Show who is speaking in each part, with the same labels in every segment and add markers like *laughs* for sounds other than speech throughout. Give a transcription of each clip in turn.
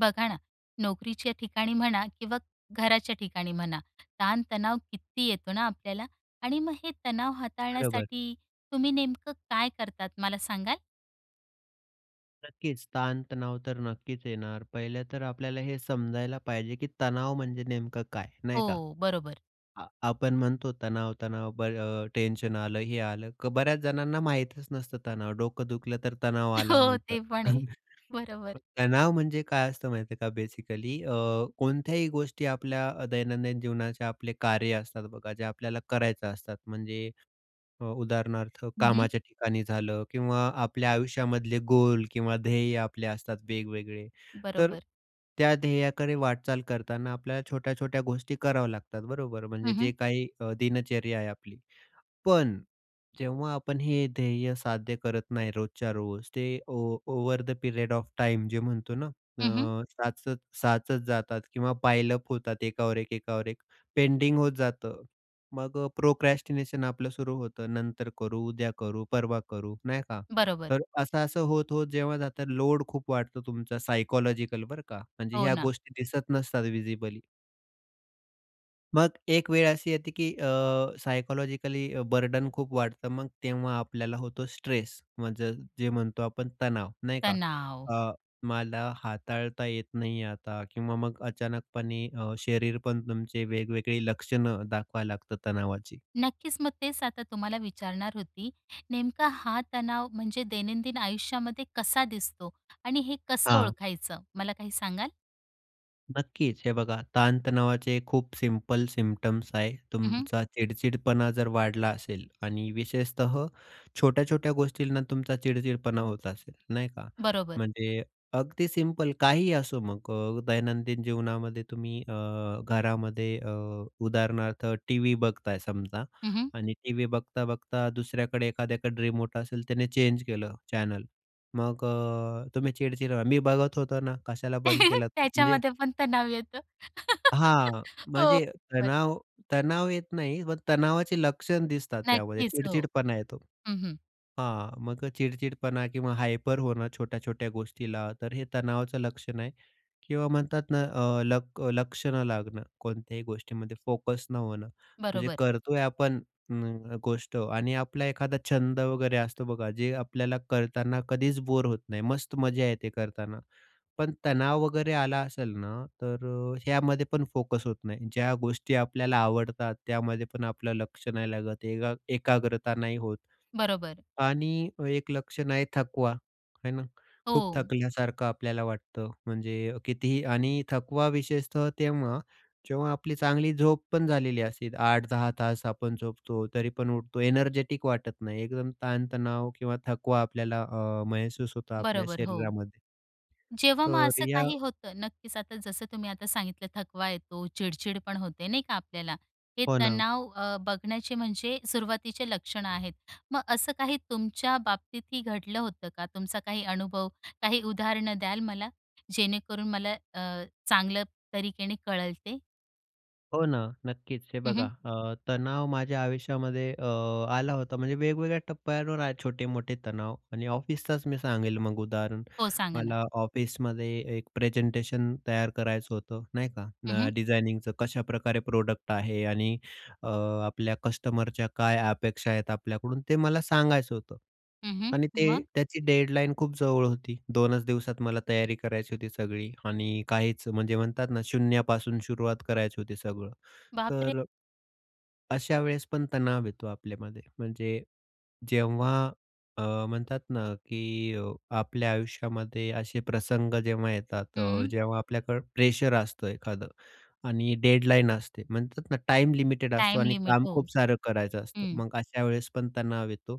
Speaker 1: बघा ना, नोकरीच्या ठिकाणी म्हणा किंवा घराच्या ठिकाणी म्हणा. ताण-तणाव किती येतो ना ,आपल्याला आणि मग हे तणाव
Speaker 2: बरोबर.
Speaker 1: हाताळण्यासाठी तुम्ही नेमकं काय करतात, मला सांगाल?
Speaker 2: नक्कीच ताण-तणाव तर नक्कीच येणार. पहिलं तर आपल्याला हे समजायला पाहिजे, की तणाव म्हणजे नेमकं काय? नाही का?
Speaker 1: हो, बरोबर.
Speaker 2: अ, आपण म्हणतो तणाव तणाव, बरं अ, टेन्शन आलं, हे आलं. बऱ्याच जणांना माहीतच नसतं, तणाव डोकं दुखलं तर तणाव
Speaker 1: *laughs*
Speaker 2: आला
Speaker 1: हो.
Speaker 2: म्हणतात.
Speaker 1: ते पण आहे,
Speaker 2: *chuckles*
Speaker 1: बरोबर.
Speaker 2: तणाव म्हणजे काय असतं माहिती आहे का बेसिकली? अ, कोणत्याही गोष्टी आपल्या दैनंदिन जीवनाचे आपले कार्य असतात बघा, जे आपल्याला करायचं असतात. म्हणजे अ, उदाहरणार्थ
Speaker 1: हं, हं.
Speaker 2: कामाच्या ठिकाणी झालं किंवा आपल्या आयुष्यामधले गोल किंवा ध्येय आपले असतात वेगवेगळे. तर
Speaker 1: बरोबर.
Speaker 2: त्या ध्येयाकडे वाटचाल करताना आपल्याला छोट्या-छोट्या गोष्टी कराव्या लागतात, बरोबर. म्हणजे
Speaker 1: हं,
Speaker 2: जे
Speaker 1: हं.
Speaker 2: काही अ, दिनचर्या आहे आपली. पण, जेव्हा आपण हे ध्येय साध्य करत नाही रोजच्या रोज, ते ओ "over the period of time" जे म्हणतो ना
Speaker 1: हं, हं.
Speaker 2: अ, साचत साचत जातात किंवा पायलअप होतात एकावर एक एकावर एक पेंडिंग होत जातं. मग प्रोक्रॅस्टिनेशन आपलं सुरु होतं, नंतर करू, उद्या करू, परवा करू, नाही का.
Speaker 1: बरोबर.
Speaker 2: तर असं-असं होत होत जेव्हा जातं, लोड खूप वाढतो तुमचा सायकॉलॉजिकल, बरं का, म्हणजे
Speaker 1: हो
Speaker 2: ह्या
Speaker 1: ना.
Speaker 2: गोष्टी दिसत नसतात व्हिजिबली. मग एक वेळ अशी येते की अ, सायकॉलॉजिकली अ, बर्डन खूप वाढतं. मग तेव्हा आपल्याला होतो स्ट्रेस म्हणजे जे म्हणतो आपण तणाव. नाही का?
Speaker 1: तणाव,
Speaker 2: अ, मला हाताळता येत नाही आहे आता किंवा मग अचानकपणे अ, शरीर पण तुमचे वेगवेगळी लक्षणं दाखवायला लागतात तणावाची.
Speaker 1: नक्कीच मग तेच आता तुम्हाला विचारणार होती. नेमका हा तणाव म्हणजे दैनंदिन आयुष्यामध्ये कसा दिसतो? आणि हे कसं
Speaker 2: हां.
Speaker 1: ओळखायचं मला काही सांगाल?
Speaker 2: नक्कीच, हे बघा ताण-तणावाचे खूप सिंपल सिम्प्टम्स आहे.
Speaker 1: हं, हं.
Speaker 2: तुमचा चिडचिडपणा जर वाढला असेल आणि विशेषतः छोट्या-छोट्या गोष्टींना तुमचा चिडचिडपणा होत असेल नाही का?
Speaker 1: बरोबर.
Speaker 2: म्हणजे अगदी सिंपल काहीही असो मग अ, दैनंदिन जीवनामध्ये तुम्ही अ, घरामध्ये अ, उदाहरणार्थ टी-व्ही बघताय. समजा
Speaker 1: हं, हं.
Speaker 2: आणि टी-व्ही बघता बघता दुसऱ्याकडे एखाद्याकडे रिमोट असेल त्याने चेंज केलं चॅनल, मग अ, तुम्ही चिडचिड करता, मी बघत होतो ना, कशाला बंद
Speaker 1: *laughs*
Speaker 2: केला? म्हणजे,
Speaker 1: त्याच्यामध्ये पण तणाव येतो. *laughs*
Speaker 2: हां,
Speaker 1: हो.
Speaker 2: म्हणजे
Speaker 1: होय.
Speaker 2: तणाव, तणाव येत नाही पण तणावाची लक्षण दिसतात त्यामध्ये.
Speaker 1: नक्कीच हो.
Speaker 2: चिडचिडपणा येतो.
Speaker 1: हं, हं.
Speaker 2: हां, मग अ, चिडचिडपणा किंवा हायपर होणं छोट्या-छोट्या गोष्टीला, तर हे तणावाचं लक्षण आहे. किंवा म्हणतात ना अ, लक लक्ष न लागणं कोणत्याही गोष्टीमध्ये, फोकस न होणं. जे
Speaker 1: बरोबर.
Speaker 2: करतोय आपण म, न, गोष्ट आणि आपला एखादा छंद वगैरे असतो बघा, जे आपल्याला करताना कधीच बोर होत नाही, मस्त मजा येते करताना. पण तणाव वगैरे आला असेल ना, तर अ, ह्यामध्ये पण फोकस होत नाही. ज्या गोष्टी आपल्याला आवडतात, त्यामध्ये पण आपलं लक्ष नाही लागत, एका एकाग्रता नाही होत.
Speaker 1: बरोबर.
Speaker 2: आणि एक लक्षण आहे थकवा. आहे ना? खूप
Speaker 1: हो.
Speaker 2: थकल्यासारखं आपल्याला वाटतं. म्हणजे कितीही आणि थकवा विशेषतः तेव्हा, जेव्हा आपली चांगली झोप पण झालेली असते. 8-10 तास आपण झोपतो तरी पण उठतो एनर्जेटिक वाटत नाही एकदम ताणतणाव किंवा थकवा आपल्याला अ, महसूस होतो आपल्या
Speaker 1: बरोबर, हो.
Speaker 2: शरीरामध्ये
Speaker 1: जेव्हा मग
Speaker 2: तर
Speaker 1: असं
Speaker 2: या
Speaker 1: काही होतं, नक्कीच. आता जसं तुम्ही आता सांगितलं थकवा येतो, चिडचिड पण होते नाही का आपल्याला? हे
Speaker 2: हो ना.
Speaker 1: तणाव अं बघण्याचे म्हणजे सुरुवातीचे लक्षणं आहेत. मग असं काही तुमच्या बाबतीतही घडलं होतं का? तुमचा काही अनुभव, काही उदाहरणं द्याल मला? जेणेकरून मला अ, चांगलं तरीकेने कळेल ते.
Speaker 2: हो ना. नक्कीच. हे
Speaker 1: हं,
Speaker 2: बघा
Speaker 1: हं.
Speaker 2: अ, तणाव माझ्या आयुष्यामध्ये अ, आला होता म्हणजे वेगवेगळ्या टप्प्यांवर आहे, छोटे मोठे तणाव. आणि ऑफिसचाच मी सांगेल मग उदाहरण.
Speaker 1: हो, सांगा ना.
Speaker 2: मला ऑफिसमध्ये एक प्रेझेंटेशन तयार करायचं होतं नाही का?
Speaker 1: हं,
Speaker 2: न,
Speaker 1: हं.
Speaker 2: डिझायनिंगचं, कशाप्रकारे प्रोडक्ट आहे? आणि अ, आपल्या कस्टमरच्या काय अपेक्षा आहेत आपल्याकडून? ते मला सांगायचं होतं.
Speaker 1: हं, हं.
Speaker 2: आणि ते
Speaker 1: मग?
Speaker 2: त्याची डेडलाईन खूप जवळ होती. 2च दिवसात मला तयारी करायची होती सगळी आणि काहीच म्हणजे म्हणतात ना शून्यापासून सुरुवात करायची होती सगळं.
Speaker 1: बाप रे!
Speaker 2: तर अ अशा वेळेस पण तणाव येतो आपल्यामध्ये. म्हणजे जेव्हा अ, म्हणतात ना की अ, आपल्या आयुष्यामध्ये असे प्रसंग जेव्हा येतात, अ,
Speaker 1: हं.
Speaker 2: जेव्हा आपल्याकडे प्रेशर असतं एखादं आणि डेडलाईन असते म्हणतात ना, टाइम लिमिटेड असतो
Speaker 1: टाइम
Speaker 2: आणि
Speaker 1: लिमिट.
Speaker 2: काम
Speaker 1: हो,
Speaker 2: खूप सारं करायचं असतं.
Speaker 1: हं.
Speaker 2: मग अशा वेळेस पण तणाव येतो.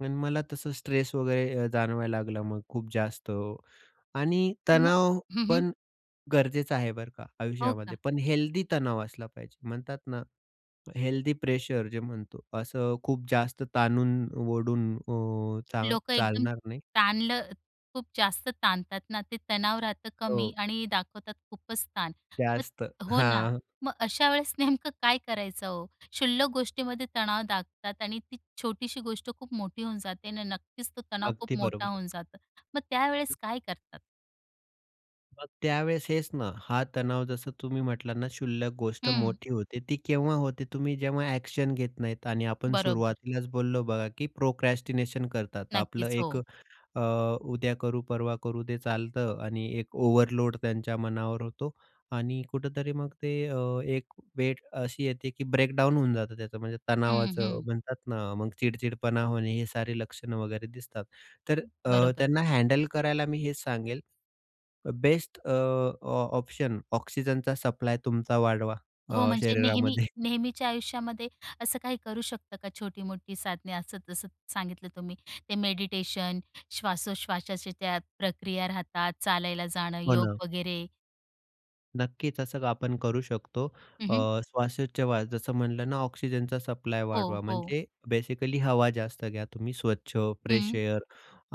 Speaker 2: पण मला तसं स्ट्रेस वगैरे अ, जाणवायला लागलं मग खूप जास्त. आणि
Speaker 1: मग
Speaker 2: तणाव
Speaker 1: हं, हं.
Speaker 2: पण गरजेचा आहे बरं का,
Speaker 1: हो
Speaker 2: आयुष्यामध्ये.
Speaker 1: का?
Speaker 2: पण हेल्दी तणाव असला पाहिजे. म्हणतात ना हेल्दी प्रेशर जे म्हणतो, असं खूप जास्त ताणून-ओढून अ, चा
Speaker 1: लोकं एकदम
Speaker 2: चालणार नाही.
Speaker 1: ताणलं, खूप जास्त ताणतात ना. ते तणाव राहतं कमी
Speaker 2: हो.
Speaker 1: आणि दाखवतात खूपचं ताण. मग
Speaker 2: जास्त,
Speaker 1: हो ना,
Speaker 2: हां.
Speaker 1: मग अशा वेळेस नेमकं काय करायचं हो? शुल्लक गोष्टीमध्ये तणाव दाखतात आणि ती छोटीशी गोष्ट खूप मोठी होऊन जाते. आणि नक्कीच तो तणाव खूप
Speaker 2: अगदी
Speaker 1: मोठा
Speaker 2: बरोबर.
Speaker 1: होऊन जातं. मग त्यावेळेस काय करतात?
Speaker 2: मग त्यावेळेस हेच ना, हा तणाव जसं तुम्ही म्हटलात ना, शुल्लक गोष्ट
Speaker 1: हं.
Speaker 2: मोठी होते, ती केव्हा होते, तुम्ही जेव्हा ॲक्शन घेत नाहीत आणि आपण
Speaker 1: बरोबर.
Speaker 2: सुरुवातीलाच बोललो बघा, की प्रोक्रॅस्टिनेशन करतात. आपलं
Speaker 1: नक्कीच
Speaker 2: एक
Speaker 1: हो.
Speaker 2: अ, उद्या करू, परवा करू ते चालतं आणि एक ओव्हरलोड त्यांच्या मनावर होतो. आणि कुठेतरी मग ते अ, एक वेळ अशी येते की ब्रेक डाउन होऊन जातं त्याचं, म्हणजे
Speaker 1: हं,
Speaker 2: तणावाचं
Speaker 1: हं.
Speaker 2: म्हणतात ना, मग चिड-चिडपणा होणे, हे सारे लक्षणं वगैरे दिसतात. तर
Speaker 1: हं,
Speaker 2: अ,
Speaker 1: बरोबर.
Speaker 2: त्यांना हँडल करायला मी हेच सांगेल, बेस्ट अ, ऑ ऑप्शन ऑक्सिजनचा सप्लाय तुमचा वाढवा
Speaker 1: हो
Speaker 2: अ,
Speaker 1: म्हणजे नेहमी
Speaker 2: शरीरामध्ये. *chuckles*
Speaker 1: नेहमीच्या आयुष्यामध्ये, असं काही करू शकतं का? छोटी-मोठी साधने, असं-जसं सांगितलं तुम्ही ते मेडिटेशन, श्वासोश्वासाच्या त्या प्रक्रिया राहतात, चालायला जाणं,
Speaker 2: हो
Speaker 1: योग
Speaker 2: ना.
Speaker 1: वगैरे?
Speaker 2: नक्कीच असं आपण करू शकतो
Speaker 1: हं,
Speaker 2: अ,
Speaker 1: हं.
Speaker 2: श्वासोच्छवास जसं म्हटलं ना, ऑक्सिजनचा सप्लाय
Speaker 1: हो,
Speaker 2: वाढवा
Speaker 1: हो.
Speaker 2: म्हणजे बेसिकली हवा जास्त घ्या तुम्ही स्वच्छ, फ्रेश
Speaker 1: हं.
Speaker 2: एयर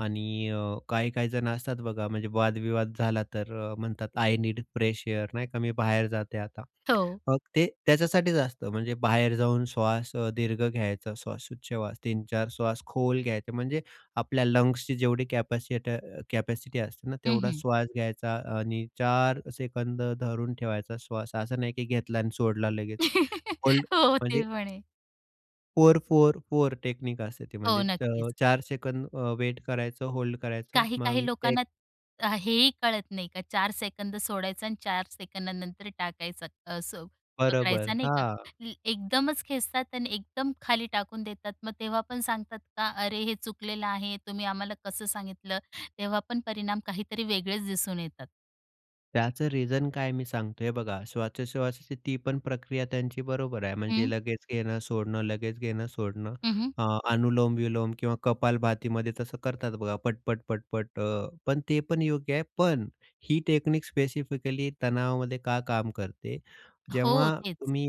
Speaker 2: आणि अ, काही-काही जण असतात बघा म्हणजे वाद-विवाद झाला तर म्हणतात आय नीड फ्रेश एयर, नाही का, मी बाहेर जाते आता.
Speaker 1: हो.
Speaker 2: मग ते त्याच्यासाठीच असतं, म्हणजे बाहेर जाऊन श्वास अ, दीर्घ घ्यायचा श्वासोच्छ्वास 3, 4 श्वास खोल घ्यायचं, म्हणजे आपल्या लंग्सची जेवढी कॅपॅसिटर कॅपॅसिटी असते ना,
Speaker 1: हं,
Speaker 2: तेवढा
Speaker 1: हं.
Speaker 2: श्वास घ्यायचा आणि 4 सेकंद धरून ठेवायचा श्वास असं नाही की घेतला आणि सोडला लगेच,
Speaker 1: *chuckles*
Speaker 2: होल्ड
Speaker 1: हो ते
Speaker 2: म्हणजे
Speaker 1: म्हणे.
Speaker 2: 4-4-4 टेक्निक असते.
Speaker 1: हो,
Speaker 2: म्हणजे चा
Speaker 1: नक्कीच.
Speaker 2: 4 सेकंड अ, वेट करायचं, होल्ड करायचं
Speaker 1: काही-काही
Speaker 2: मग
Speaker 1: लोकांना
Speaker 2: एक
Speaker 1: अ, हेही कळत नाही का 4 सेकंद सोडायचा आणि 4 सेकंदानंतर टाकायचा, असं
Speaker 2: बरोबर,
Speaker 1: पकडायचा, नाही का?
Speaker 2: हां.
Speaker 1: एकदमच खेचतात आणि एकदम खाली टाकून देतात. मग तेव्हा पण सांगतात का, “अरे हे चुकलेलं आहे, तुम्ही आम्हाला कसं सांगितलं?” तेव्हा पण परिणाम काहीतरी वेगळेच दिसून येतात.
Speaker 2: त्याचं रिझन काय, मी सांगतो हे बघा. श्वासोश्वासाची ती पण प्रक्रिया त्यांची बरोबर आहे. म्हणजे
Speaker 1: हं.
Speaker 2: लगेच घेणं सोडणं, लगेच घेणं सोडणं,
Speaker 1: हं, हं.
Speaker 2: अ, अनुलोम विलोम किंवा कपालभातीमध्ये तसं करतात, बघा पटपट-पटपट. अ, पण ते पण योग्य आहे. पण ही टेक्निक स्पेसिफिकली तणावामध्ये का काम करते?
Speaker 1: हो,
Speaker 2: जेव्हा
Speaker 1: तेच.
Speaker 2: तुम्ही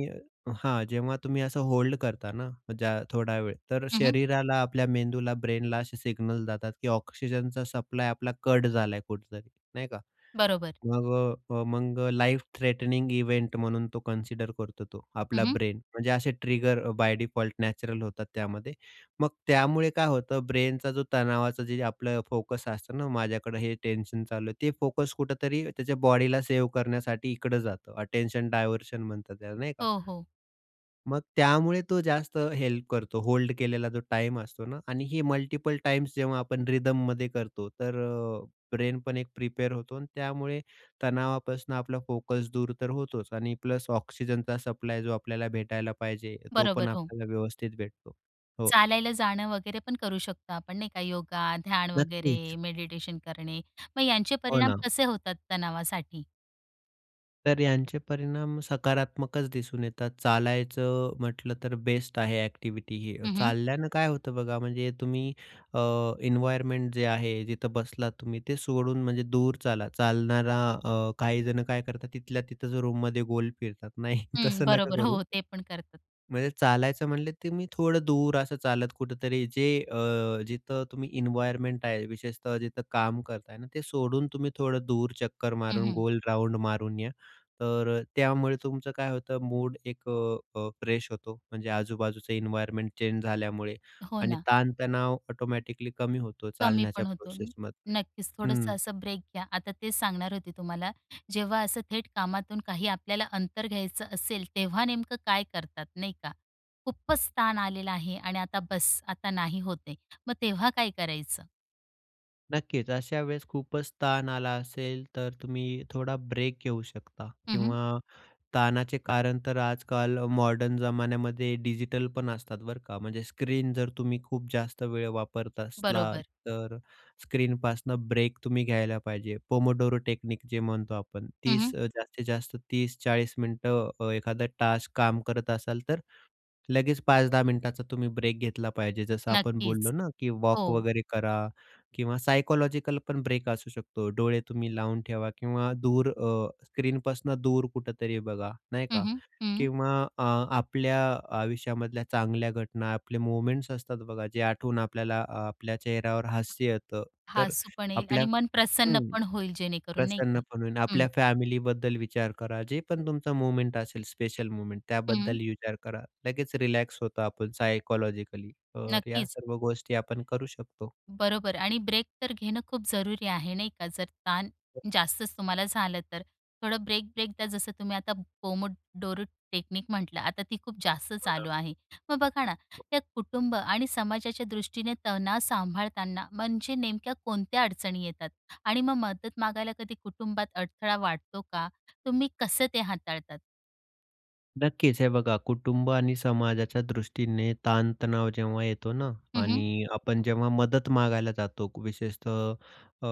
Speaker 2: हां, जेव्हा तुम्ही असं होल्ड करता ना मग ज्या थोडा वेळ, तर
Speaker 1: हं, हं.
Speaker 2: शरीराला, आपल्या मेंदूला, ब्रेनला असे सिग्नल जातात, की ऑक्सिजनचा सप्लाय आपला कट झालाय कुठेतरी, नाही का?
Speaker 1: बरोबर.
Speaker 2: मग अ, मग लाइफ थ्रेटनिंग इव्हेंट म्हणून तो कन्सिडर करतो तो,
Speaker 1: हं,
Speaker 2: आपला
Speaker 1: हं.
Speaker 2: ब्रेन म्हणजे असे ट्रिगर बाय डिफॉल्ट नॅचरल होतात त्यामध्ये. मग त्यामुळे काय होतं, ब्रेनचा जो, तणावाचं जे आपलं फोकस असतं ना, माझ्याकडं हे टेन्शन चालू आहे, ते फोकस कुठेतरी त्याच्या बॉडीला सेव्ह करण्यासाठी इकडं जातं. अटेन्शन डायव्हर्शन म्हणतात त्याला, नाही का?
Speaker 1: हो, हो.
Speaker 2: मग त्यामुळे तो जास्त हेल्प करतो. होल्ड केलेला जो टाईम असतो ना आणि ही मल्टीपल टाइम्स जेव्हा आपण रिदममध्ये करतो, तर अ, ब्रेन पण एक प्रिपेर होतो. अन त्यामुळे तणावापासनं, आपला फोकस दूर तर होतोच आणि प्लस ऑक्सिजनचा सप्लाय जो आपल्याला भेटायला पाहिजे, तो पण
Speaker 1: बरोबर, हो.
Speaker 2: आपल्याला व्यवस्थित भेटतो, हो.
Speaker 1: चालायला जाणं वगैरे पण करू शकतो आपण, नाही का? योगा, ध्यान वगैरे,
Speaker 2: नक्कीच.
Speaker 1: मेडिटेशन करणे. मग यांचे
Speaker 2: हो
Speaker 1: परिणाम
Speaker 2: ना.
Speaker 1: कसे होतात तणावासाठी?
Speaker 2: तर यांचे परिणाम सकारात्मकच दिसून येतात. चालायचं म्हटलं, तर बेस्ट आहे एक्टिव्हिटी ही.
Speaker 1: हं, हं.
Speaker 2: चालल्यानं काय होतं बघा, म्हणजे तुम्ही अ, एन्व्हायरमेंट जे आहे जिथं बसलात तुम्ही ते सोडून म्हणजे दूर चाला. चालणारा अ, काही जण काय करतात, तिथल्या तिथंच रूममध्ये गोल फिरतात. नाही,
Speaker 1: हम्म,
Speaker 2: तसं नका
Speaker 1: बरोबर,
Speaker 2: करू.
Speaker 1: हो, ते पण करतात.
Speaker 2: म्हणजे चालायचं म्हणले, तुम्ही थोडं दूर असं चालत कुठेतरी जे अ, जिथं तुम्ही इन्वायरमेंट आहे, विशेषतः जिथं काम करताय ना, ते सोडून तुम्ही थोडं दूर चक्कर
Speaker 1: हं,
Speaker 2: मारून,
Speaker 1: हं.
Speaker 2: गोल राउंड मारून या. तर त्यामुळे तुमचं काय होतं, मूड एक अ, अ फ्रेश होतो. म्हणजे आजूबाजूचं इन्व्हायर्नमेंट चेंज झाल्यामुळे
Speaker 1: हो
Speaker 2: आणि
Speaker 1: ना.
Speaker 2: ताणतणाव ऑटोमॅटिकली कमी होतो
Speaker 1: कमी
Speaker 2: चालण्याच्या
Speaker 1: पण होतो.
Speaker 2: प्रोसेसमधनं,
Speaker 1: नक्कीच,
Speaker 2: हं.
Speaker 1: थोडंसं असं ब्रेक घ्या. आता तेच सांगणार होते तुम्हाला. जेव्हा असं थेट कामातून काही आपल्याला अंतर घ्यायचं असेल, तेव्हा नेमकं काय करतात, नाही का? खूपच तान आलेलं आहे आणि आता बस्स, आता नाही होत आहे. मग तेव्हा काय करायचं?
Speaker 2: नक्कीच, अशा वेळेस खूपच ताण आला असेल, तर तुम्ही थोडा ब्रेक घेऊ शकता
Speaker 1: हं, हं.
Speaker 2: किंवा ताणाचे कारण तर आजकाल मॉडर्न जमान्यामध्ये डिजिटल पण असतात, बरं का! म्हणजे स्क्रीन जर तुम्ही खूप जास्त वेळ वापरत असला,
Speaker 1: बरोबर.
Speaker 2: तर स्क्रीनपासनं ब्रेक तुम्ही घ्यायला पाहिजे. पोमोडोरो टेक्निक जे म्हणतो आपण,
Speaker 1: हं,
Speaker 2: 30,
Speaker 1: हं.
Speaker 2: अ, जास्तीत जास्त 30-40 मिनिटं अ, एखादा टास्क काम करत असाल, तर लगेच 5-10 मिनिटाचा तुम्ही ब्रेक घेतला पाहिजे. जसं आपण बोललो
Speaker 1: नक्कीच.
Speaker 2: ना, की वॉक
Speaker 1: हो.
Speaker 2: वगैरे करा किंवा सायकॉलॉजिकल पण ब्रेक असू शकतो. डोळे तुम्ही लावून ठेवा किंवा दूर अ, स्क्रीनपासनं दूर कुठेतरी बघा, नाही
Speaker 1: हं,
Speaker 2: का?
Speaker 1: हं, हं.
Speaker 2: किंवा अ, आपल्या आयुष्यामधल्या चांगल्या घटना, आपले मोमेंट्स असतात बघा, जे आठवून आपल्याला आपल्या चेहऱ्यावर हास्य येतं. तर
Speaker 1: हसू पण येईल
Speaker 2: आपल्या
Speaker 1: आणि मन प्रसन्न
Speaker 2: हं,
Speaker 1: पण होईल, जेणेकरून नाही
Speaker 2: प्रसन्न
Speaker 1: का?
Speaker 2: पण होईल.
Speaker 1: हं.
Speaker 2: आपल्या फॅमिलीबद्दल विचार करा. जे पण तुमचं मोमेंट असेल, स्पेशल मोमेंट
Speaker 1: हं.
Speaker 2: त्याबद्दल विचार करा. लगेच रिलॅक्स होतो आपण सायकॉलॉजिकली. तर या
Speaker 1: नक्कीच.
Speaker 2: सर्व गोष्टी आपण करू शकतो.
Speaker 1: बरोबर. आणि ब्रेक तर घेणं खूप जरुरी आहे, नाही का? जर ताण जास्तच तुम्हाला झालं, तर थोडं ब्रेक-ब्रेक घ्या. जसं तुम्ही आता पोमोडोरो टेक्निक म्हटलं, आता ती खूप जास्त
Speaker 2: हो ना.
Speaker 1: चालू आहे. मग बघा ना, या कुटुंब आणि समाजाच्या दृष्टीने तणाव सांभाळताना म्हणजे नेमक्या कोणत्या अडचणी येतात? आणि मग मदत मागायला कधी कुटुंबात अडथळा वाटतो का? तुम्ही कसं ते हाताळतात?
Speaker 2: नक्कीच, हे बघा कुटुंब आणि समाजाच्या दृष्टीने ताण-तणाव जेव्हा येतो ना,
Speaker 1: हं, हं.
Speaker 2: आणि आपण जेव्हा मदत मागायला जातो. विशेषतः अ,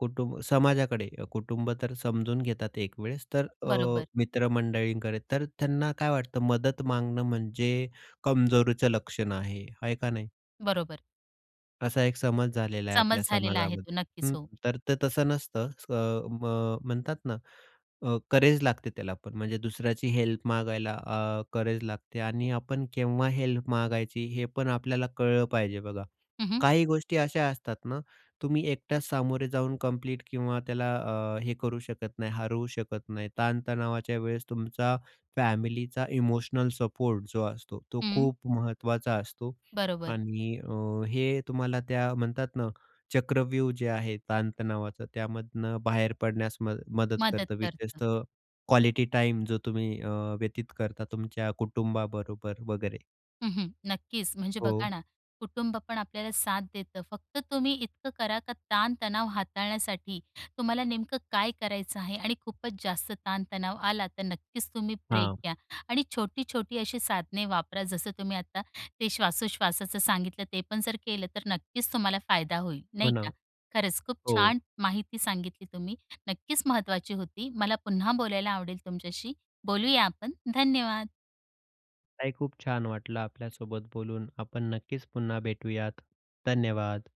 Speaker 2: कुटुंब समाजाकडे कुटुंब तर समजून घेतात एक वेळेस. तर अ,
Speaker 1: बरोबर.
Speaker 2: मित्र-मंडळींकडे तर त्यांना काय वाटतं मदत मागणं, म्हणजे कमजोरीचं लक्षण आहे. आहे का नाही?
Speaker 1: बरोबर.
Speaker 2: असा एक समज झालेला आहे आपल्या
Speaker 1: समज झालेला आहे तो.
Speaker 2: समाजामध्ये
Speaker 1: नक्कीच
Speaker 2: हं.
Speaker 1: हो.
Speaker 2: तर ते तसं नसतं अस म्ह म्हणतात ना. अ, करेज लागते त्याला पण. म्हणजे दुसऱ्याची हेल्प मागायला अ, करेज लागते. आणि आपण केव्हा हेल्प मागायची, हे पण आपल्याला कळलं पाहिजे बघा.
Speaker 1: हं, हं.
Speaker 2: काही गोष्टी अशा असतात ना, तुम्ही एकटाच सामोरे जाऊन कंप्लीट किंवा त्याला अ, हे करू शकत नाही, हरवू शकत नाही. ताण-तणावाच्या वेळेस तुमचा फॅमिलीचा इमोशनल सपोर्ट जो असतो, तो
Speaker 1: हं.
Speaker 2: खूप महत्त्वाचा असतो
Speaker 1: बरोबर.
Speaker 2: आणि अ, हे तुम्हाला त्या म्हणतात ना, चक्रव्यूह जे आहे ताण-तणावाच त्यामधनं बाहेर पडण्यास मद मदत
Speaker 1: मदत
Speaker 2: करतं,
Speaker 1: करतं.
Speaker 2: विशेषतः क्वालिटी टाइम जो तुम्ही अ, व्यतीत करता तुमच्या कुटुंबाबरोबर वगैरे.
Speaker 1: हं, हं, नक्कीच म्हणजे बघा
Speaker 2: हो.
Speaker 1: ना, कुटुंब पण आपल्याला साथ देतं. फक्त तुम्ही इतकं करा का ताण-तणाव हाताळण्यासाठी तुम्हाला नेमकं काय करायचं आहे आणि खूपच जास्त ताण-तणाव आला तर नक्कीच तुम्ही ब्रेक
Speaker 2: हां.
Speaker 1: घ्या. आणि छोटी-छोटी अशी साधने वापरा. जसं तुम्ही आता ते श्वासोश्वासाचं सांगितलं ते पण जर केलं तर, नक्कीच तुम्हाला फायदा होईल,
Speaker 2: हो
Speaker 1: नाही का.
Speaker 2: ना,
Speaker 1: खरंच खूप
Speaker 2: हो.
Speaker 1: छान माहिती सांगितली तुम्ही, नक्कीच महत्त्वाची होती. मला पुन्हा बोलायला आवडेल तुमच्याशी, बोलूया आपण धन्यवाद.
Speaker 2: ताई खूप छान वाटलं आपल्यासोबत बोलून. आपण नक्कीच पुन्हा भेटूयात, धन्यवाद.